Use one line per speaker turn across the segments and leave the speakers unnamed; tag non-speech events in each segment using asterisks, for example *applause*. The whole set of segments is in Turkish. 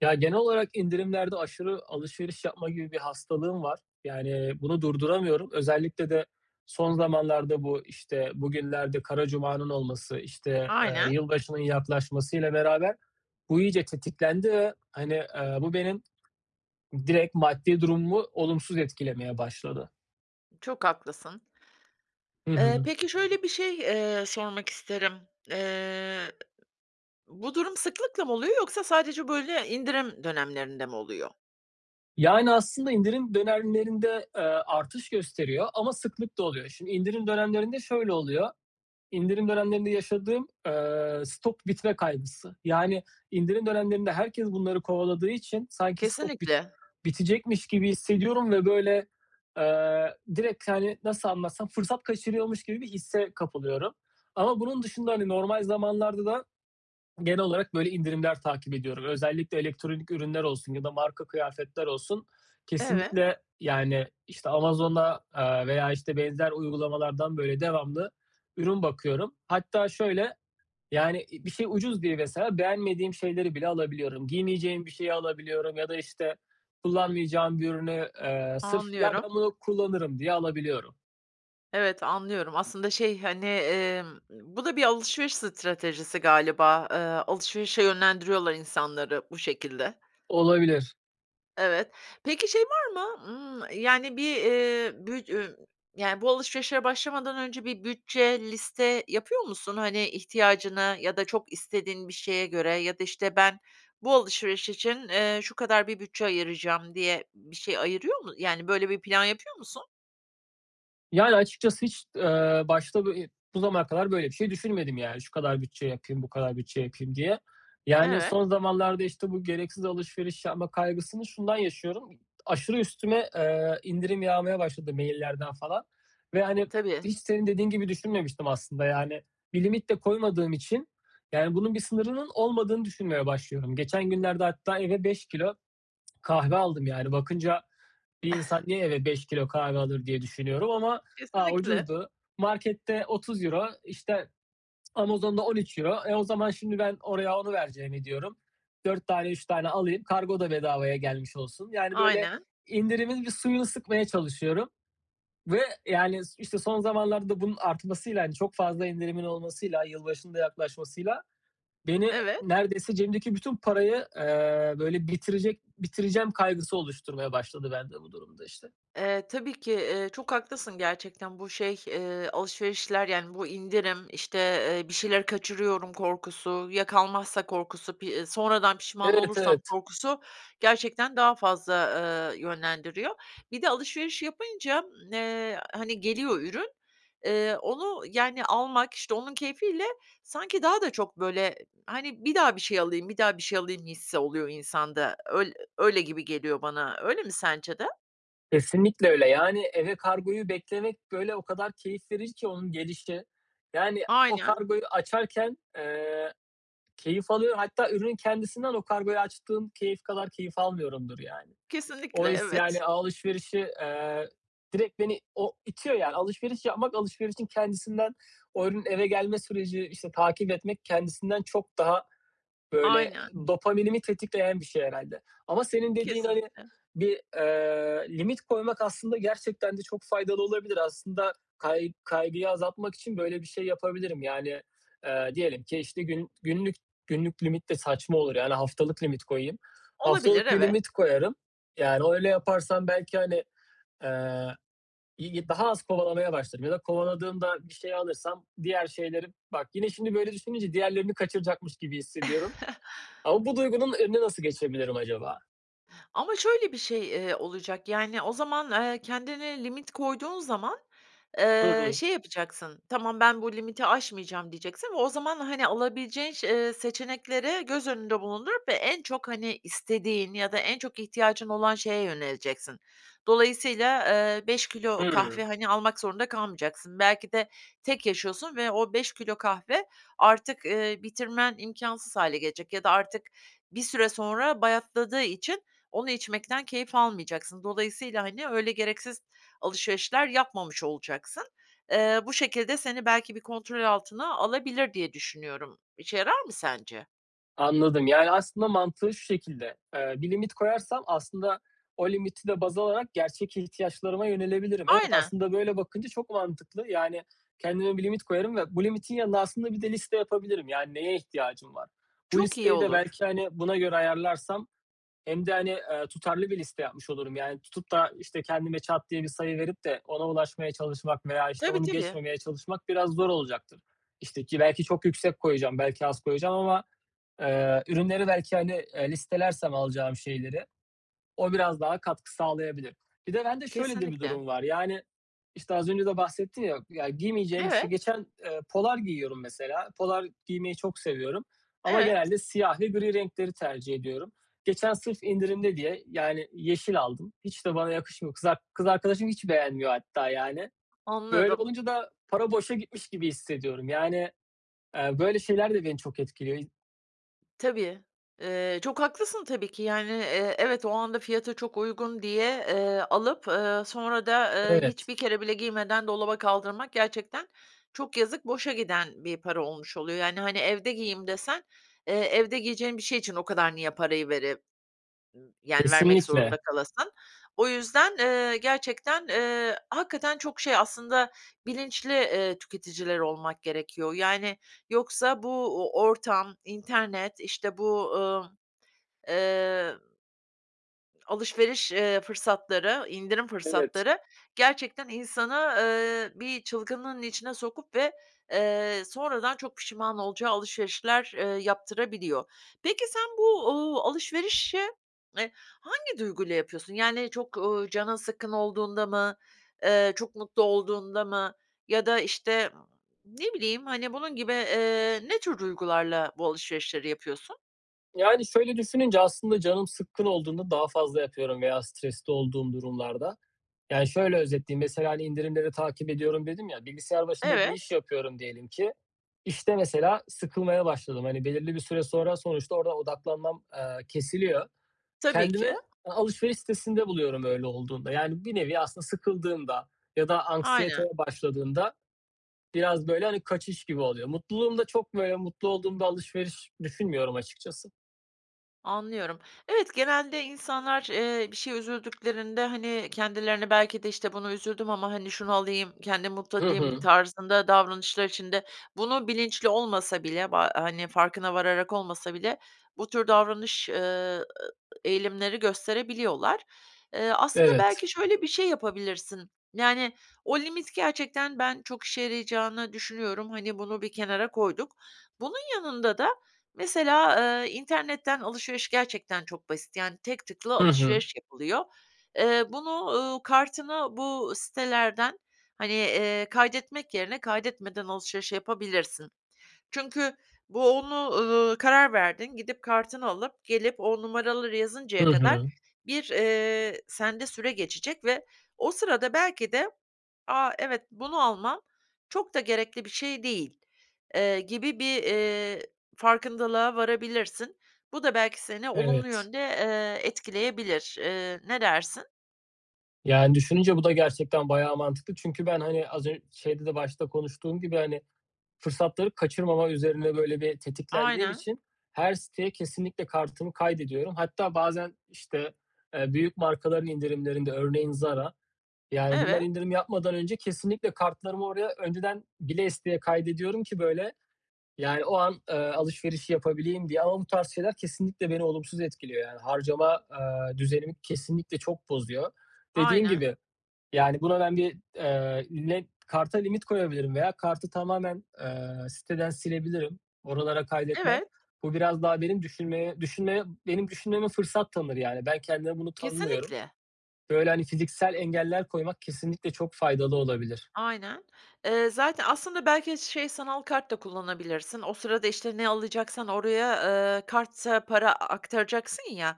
Ya, genel olarak indirimlerde aşırı alışveriş yapma gibi bir hastalığım var. Yani bunu durduramıyorum. Özellikle de son zamanlarda bu, işte, bugünlerde Kara Cuma'nın olması, işte, ııı,
Aynen.
yılbaşının yaklaşmasıyla beraber bu iyice tetiklendi ve, hani, ııı, bu benim direkt maddi durumumu olumsuz etkilemeye başladı.
Çok haklısın.
Hı
Eee,
hı.
peki şöyle bir şey, eee, sormak isterim. Iıı, ı ı bu durum sıklıkla mı oluyor yoksa sadece böyle indirim dönemlerinde mi oluyor?
Yani aslında indirim dönemlerinde, aaa, artış gösteriyor ama sıklıkla oluyor. Şimdi indirim dönemlerinde şöyle oluyor; indirim dönemlerinde yaşadığım, aaa, stok bitme kaygısı yani indirim dönemlerinde herkes bunları kovaladığı için sanki stok bit
Kesinlikle.
bitecekmiş gibi hissediyorum ve böyle, aaa, direkt, hani, nasıl anlatsam fırsat kaçırıyormuş gibi bir hisse kapılıyorum. Ama bunun dışında, hani, normal zamanlarda da genel olarak böyle indirimler takip ediyorum. Özellikle elektronik ürünler olsun ya da marka kıyafetler olsun
Evet.
kesinlikle yani, işte, Amazon'da, aaa, veya, işte, benzer uygulamalardan böyle devamlı ürün bakıyorum. Hatta şöyle; yani, iii, bir şey ucuz diye mesela beğenmediğim şeyleri bile alabiliyorum. Giymeyeceğim bir şeyi alabiliyorum ya da, işte, kullanmayacağım bir ürünü, ııı, sırf, "Ya,
Anlıyorum.
ben bunu kullanırım." diye alabiliyorum.
Evet, anlıyorum. Aslında, şey, hani, emm, bu da bir alışveriş stratejisi galiba. Eee, alışverişe yönlendiriyorlar insanları bu şekilde.
Olabilir.
Evet. Peki şey var mı? Imm, yani, bir, eee, bü üy yani, bu alışverişe başlamadan önce bir bütçe, liste yapıyor musun? Hani, ihtiyacını ya da çok istediğin bir şeye göre ya da, işte, ben bu alışveriş için, eee, şu kadar bir bütçe ayıracağım diye bir şey ayırıyor mu, yani böyle bir plan yapıyor musun?
Yani, açıkçası hiç, eee, başta bu i bu zamana kadar böyle bir şey düşünmedim. Yani şu kadar bütçe yapayım, bu kadar bütçe yapayım diye. Yani,
Evet.
son zamanlarda, işte, bu gereksiz alışveriş yapma kaygısını şundan yaşıyorum. Aşırı üstüme, eee, indirim yağmaya başladı maillerden falan. Ve, hani,
Tabii.
hiç senin dediğin gibi düşünmemiştim aslında. Yani, bir limit de koymadığım için, yani, bunun bir sınırının olmadığını düşünmeye başlıyorum. Geçen günlerde hatta eve 5 kilo kahve aldım. Yani, bakınca bir
Ih.
insan niye eve 5 kilo kahve alır diye düşünüyorum ama ha,
Kesinlikle.
ucuzdu markette €30 işte, Amazon'da €13 eee, o zaman şimdi ben oraya onu vereceğimi diyorum, 4 tane 3 tane alayım kargo da bedavaya gelmiş olsun. Yani, böyle,
Aynen.
indirimin bir suyunu sıkmaya çalışıyorum. Ve, yani, işte, son zamanlarda da bunun artmasıyla, hani, çok fazla indirimin olmasıyla, yılbaşının da yaklaşmasıyla beni
Evet.
neredeyse cebimdeki bütün parayı, eee, böyle, bitirecek bitireceğim kaygısı oluşturmaya başladı bende bu durum da işte.
Eee, tabii ki. Eee, çok haklısın gerçekten. Bu, şey, eee, alışverişler yani bu indirim, işte, eee, bir şeyleri kaçırıyorum korkusu, ya kalmazsa korkusu, pi sonradan pişman
Evet,
olursam
evet.
korkusu gerçekten daha fazla, eee, yönlendiriyor. Bir de alışveriş yapınca, ımm, eee, hani, geliyor ürün. Eee, onu yani almak, işte, onun keyfiyle sanki daha da çok, böyle, hani, bir daha bir şey alayım, bir daha bir şey alayım hissi oluyor insanda. Öyl öyle gibi geliyor bana, öyle mi sence de?
Kesinlikle öyle. Yani, eve kargoyu beklemek, böyle, o kadar keyif verici ki onun gelişi. Yani, o
Aynen.
kargoyu açarken, eee, keyif alıyorum. Hatta ürünün kendisinden o kargoyu açtığım keyif kadar keyif almıyorumdur yani. O
Kesinlikle,
his,
evet.
yani, alışverişi, eee, direkt beni o itiyor yani alışveriş yapmak alışverişin kendisinden o ürünün eve gelme süreci, işte, takip etmek kendisinden çok daha, böyle,
Aynen.
dopaminimi tetikleyen bir şey herhâlde. Ama senin dediğine
Kesinlikle.
bir, eee, limit koymak aslında gerçekten de çok faydalı olabilir. Aslında kay kaygıyı azaltmak için böyle bir şey yapabilirim. Yani, eee, diyelim ki, işte, gün günlük günlük limit de saçma olur. Yani haftalık limit koyayım.
Olabilir,
Haftalık bir
evet.
limit koyarım. Yani, o öyle yaparsam belki, hani, eee, igi daha az kovalamaya başlarım ya da kovaladığımda bir şey alırsam diğer şeylerin, bak yine şimdi böyle düşününce diğerlerini kaçıracakmış gibi hissediyorum. Ama
*chuckles*
bu duygunun önüne nasıl geçebilirim acaba?
Ama şöyle bir şey, eee, olacak, yani, o zaman, eee, kendine limit koyduğun zaman,
Hı
eee,
hı.
şey yapacaksın, "Tamam, ben bu limiti aşmayacağım," diyeceksin ve o zaman, hani, alabileceğin şe ııı, seçenekleri göz önünde bulundurup ve en çok, hani, istediğin ya da en çok ihtiyacın olan şeye yöneleceksin. Dolayısıyla, ııı, 5 kilo
Hımm.
kahve, hani, almak zorunda kalmayacaksın. Belki de tek yaşıyorsun ve o 5 kilo kahve artık, ııı, bitirmen imkânsız hâle gelecek ya da artık bir süre sonra bayatladığı için onu içmekten keyif almayacaksın. Dolayısıyla, hani, öyle gereksiz alışverişler yapmamış olacaksın. Eee, bu şekilde seni belki bir kontrol altına alabilir diye düşünüyorum. İşe yarar mı sence?
Anladım. Yani, aslında mantığı şu şekilde, ııı, bir limit koyarsam aslında o limiti de baz alarak gerçek ihtiyaçlarıma yönelebilirim. Evet,
Ayne
aslında böyle bakınca çok mantıklı. Yani, kendime bir limit koyarım ve bu limitin yanında aslında bir de liste yapabilirim. Yani, neye ihtiyacım var? Bu
Çok iyi
listeyi de
olur.
belki, hani, buna göre ayarlarsam hem de hani, ııı, tutarlı bir liste yapmış olurum. Yani, tutup da işte, kendime çat diye bir sayı verip de ona ulaşmaya çalışmak veya işte,
Tabii,
onu
tabii.
geçmemeye çalışmak biraz zor olacaktır. İşte, ki belki çok yüksek koyacağım, belki az koyacağım ama, ııı, ürünleri belki, hani, ııı, listelersem alacağım şeyleri o biraz daha katkı sağlayabilir. Bir de bende şöyle de bir
Kesinlikle.
durum var, yani, işte, az önce de bahsettim ya ya giymeyeceğim bir şey
Evet.
geçen, ııı, polar giyiyorum mesela. Polar giymeyi çok seviyorum ama
Evet.
genelde siyah ve gri renkleri tercih ediyorum. Geçen sırf indirimde diye, yani, yeşil aldım. Hiç de bana yakışmıyor. Kız ar kız arkadaşım hiç beğenmiyor hatta, yani. Böyle
Anladım.
olunca da para boşa gitmiş gibi hissediyorum. Yani, ııı, böyle şeyler de beni çok etkiliyor. İ
Tabii. Eee, çok haklısın tabii ki, yani, eee, evet, o anda fiyatı çok uygun diye, eee, alıp, ııı, sonra da, eee,
Evet.
hiçbir kere bile giymeden dolaba kaldırmak gerçekten çok yazık, boşa giden bir para olmuş oluyor. Yani, hani, evde giyeyim desen, eee, evde giyeceğin bir şey için o kadar niye parayı vere ı yani, vermek
Kesinlikle.
zorunda kalasın. O yüzden, eee, gerçekten, eee, hakikaten çok şey aslında bilinçli, eee, tüketiciler olmak gerekiyor, yani, yoksa bu, uuu, ortam, internet, işte bu, ııı, eee Alışveriş, eee, fırsatları, indirim
Evet.
fırsatları gerçekten insanı, ııı, bir çılgınlığın içine sokup ve, eee, sonradan çok pişman olacağı alışverişler, eee, yaptırabiliyor. Peki sen bu, uuu, alışverişe, eee, hangi duyguyla yapıyorsun? Yani çok, uuu, canın sıkkın olduğunda mı, eee, çok mutlu olduğunda mı ya da, işte, ımm, ne bileyim, hani, bunun gibi, eee, ne tür duygularla bu alışverişleri yapıyorsun?
Yani, şöyle düşününce, aslında canım sıkkın olduğunda daha fazla yapıyorum veya stresli olduğum durumlarda. Yani şöyle özetleyeyim mesela, hani, indirimleri takip ediyorum dedim ya bilgisayar başında bir iş
Evet.
yapıyorum diyelim ki, işte, mesela sıkılmaya başladım, hani, belirli bir süre sonra sonuçta oradan odaklanmam, aaa, kesiliyor.
Tabii
Kendimi
ki.
a alışveriş sitesinde buluyorum öyle olduğunda, yani, bir nevi aslında sıkıldığımda ya da
Aynen.
anksiyeteye başladığında biraz, böyle, hani, kaçış gibi oluyor. Mutluluğumda çok böyle mutlu olduğumda alışveriş düşünmüyorum açıkçası.
Anlıyorum. Evet genelde insanlar, eee, bir şeye üzüldüklerinde, hani, kendilerine belki de, "İşte buna üzüldüm ama hani şunu alayım, kendimi mutlu
Hı
edeyim."
hı.
tarzında davranışlar içinde bunu bilinçli olmasa bile, ba hani farkına vararak olmasa bile, bu tür davranış, ııı, eee, eğilimleri gösterebiliyorlar. Eee, aslında
Evet.
belki şöyle bir şey yapabilirsin; yani, o limit gerçekten ben çok işe yarayacağını düşünüyorum. Hani, bunu bir kenara koyduk. Bunun yanında da mesela, eee, internetten alışveriş gerçekten çok basit. Yani tek tıkla
Hı hı.
alışveriş yapılıyor. Eee, bunu, ııı, kartına bu sitelerden, hani, eee, kaydetmek yerine kaydetmeden alışveriş yapabilirsin. Çünkü bu onu, ııı, karar verdin. Gidip kartını alıp gelip o numaraları
Hı
yazıncaya kadar
hı.
bir, eee, sende süre geçecek ve o sırada belki de a, evet, bunu almam çok da gerekli bir şey değil, eee, gibi bir, eee, farkındalığa varabilirsin. Bu da belki seni olumlu
Evet.
yönde, eee, etkileyebilir. Eee, ne dersin?
Yani düşününce bu da gerçekten bayağı mantıklı. Çünkü ben, hani, az ön şeyde de başta konuştuğum gibi, hani, fırsatları kaçırmama üzerine böyle bir tetiklendiğim
Aynen.
için her siteye kesinlikle kartımı kaydediyorum. Hatta bazen, işte, eee, büyük markaların indirimlerinde örneğin; Zara, yani, bunlar
Evet.
indirim yapmadan önce kesinlikle kartlarımı oraya önceden bile isteye kaydediyorum ki böyle, yani, o an, eee, alışverişi yapabileyim diye ama bu tarz şeyler kesinlikle beni olumsuz etkiliyor. Yani harcama, eee, düzenimi kesinlikle çok bozuyor. Dediğim
Aynen.
gibi, yani, buna ben bir, eee, ne karta limit koyabilirim veya kartı tamamen, eee, siteden silebilirim. Oralara kaydetmem.
Evet.
Bu biraz daha benim düşünmeye düşünmeye benim düşünmeme fırsat tanır. Yani ben kendime bunu tanımıyorum.
Kesinlikle.
Böyle, hani, fiziksel engeller koymak kesinlikle çok faydalı olabilir.
Aynen. Eee, zaten, aslında, belki de şey sanal kart da kullanabilirsin. O sırada işte ne alacaksan oraya, eee, karta para aktaracaksın ya,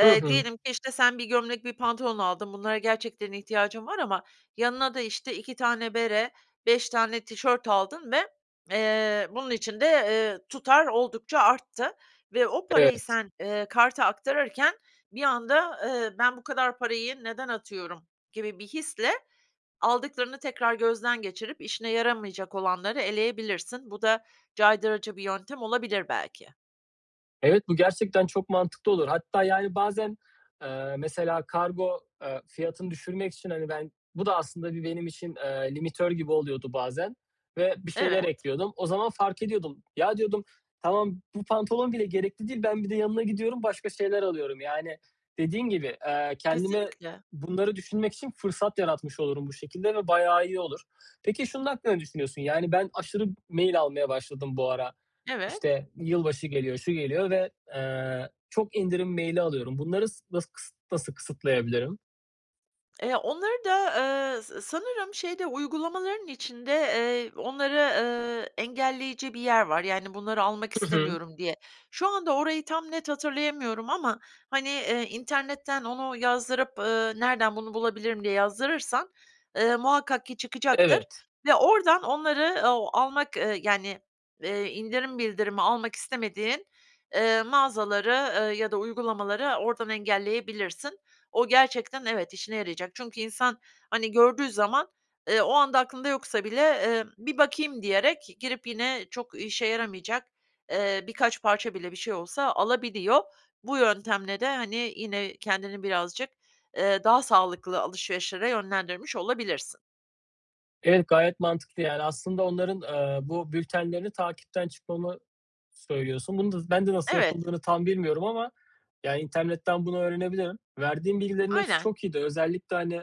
Hı hı.
diyelim ki işte sen 1 gömlek, 1 pantolon aldın, bunlara gerçekten ihtiyacın var ama yanına da işte 2 tane bere, 5 tane tişört aldın ve, eee, bunun için de, eee, tutar oldukça arttı ve o parayı
Evet.
sen, eee, karta aktarırken bir anda, eee, "Ben bu kadar parayı neden atıyorum." gibi bir hisle aldıklarını tekrar gözden geçirip işine yaramayacak olanları eleyebilirsin. Bu da caydırıcı bir yöntem olabilir belki.
Evet, bu gerçekten çok mantıklı olur. Hatta, yani, bazen, eee, mesela kargo, eee, fiyatını düşürmek için, hani, ben bu da aslında bir benim için, eee, limitör gibi oluyordu bazen ve bir şeyler
Evet.
ekliyordum. O zaman fark ediyordum: "Ya," diyordum "tamam, bu pantolon bile gerekli değil, ben bir de yanına gidiyorum başka şeyler alıyorum." Yani, dediğin gibi, eee, kendime
Kesinlikle.
bunları düşünmek için fırsat yaratmış olurum bu şekilde ve bayağı iyi olur. Peki, şunun hakkında ne düşünüyorsun: Yani, ben aşırı mail almaya başladım bu ara,
Evet.
işte, yılbaşı geliyor, şu geliyor ve, eee, çok indirim mail'i alıyorum. Bunları s nası kıs nasıl kısıtlayabilirim?
Eee, onları da, eee, s sanırım şeyde, uygulamaların içinde, eee, onları, eee, engelleyici bir yer var, yani: "Bunları almak
Hı hı.
istemiyorum." diye. Şu anda orayı tam net hatırlayamıyorum ama, hani, internetten onu yazdırıp, ııı, "Nereden bunu bulabilirim?" diye yazdırırsan, eee, muhakkak ki çıkacaktır
Evet.
ve oradan onları, ooo, almak, ııı, yani, eee, indirim bildirimi almak istemediğin, eee, mağazaları, eee, ya da uygulamaları oradan engelleyebilirsin. O gerçekten, evet, işine yarayacak çünkü insan, hani, gördüğü zaman, eee, o anda aklında yoksa bile, eee, "Bir bakayım." diyerek girip yine çok işe yaramayacak, eee, birkaç parça bile bir şey olsa alabiliyor. Bu yöntemle de, hani, yine kendini birazcık, eee, daha sağlıklı alışverişlere yönlendirmiş olabilirsin.
Evet, gayet mantıklı yani. Aslında onların, eee, bu bültenlerini takipten çıkmamı söylüyorsun. Bunu da ben de nasıl
Evet.
yapıldığını tam bilmiyorum ama; ya, internetten bunu öğrenebilirim. Verdiğin bilgilerin hepsi
Aynen.
çok iyiydi. Özellikle, hani,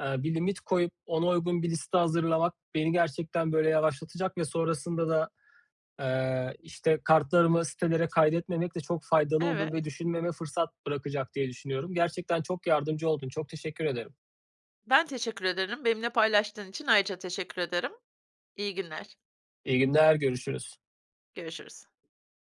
eee, bir limit koyup ona uygun bir liste hazırlamak beni gerçekten, böyle, yavaşlatacak ve sonrasında da, eee, işte, kartlarımı sitelere kaydetmemek de çok faydalı olur ve
Evet.
düşünmeme fırsat bırakacak diye düşünüyorum. Gerçekten çok yardımcı oldun. Çok teşekkür ederim.
Ben teşekkür ederim, benimle paylaştığın için ayrıca teşekkür ederim. İyi günler.
İyi günler, görüşürüz.
Görüşürüz.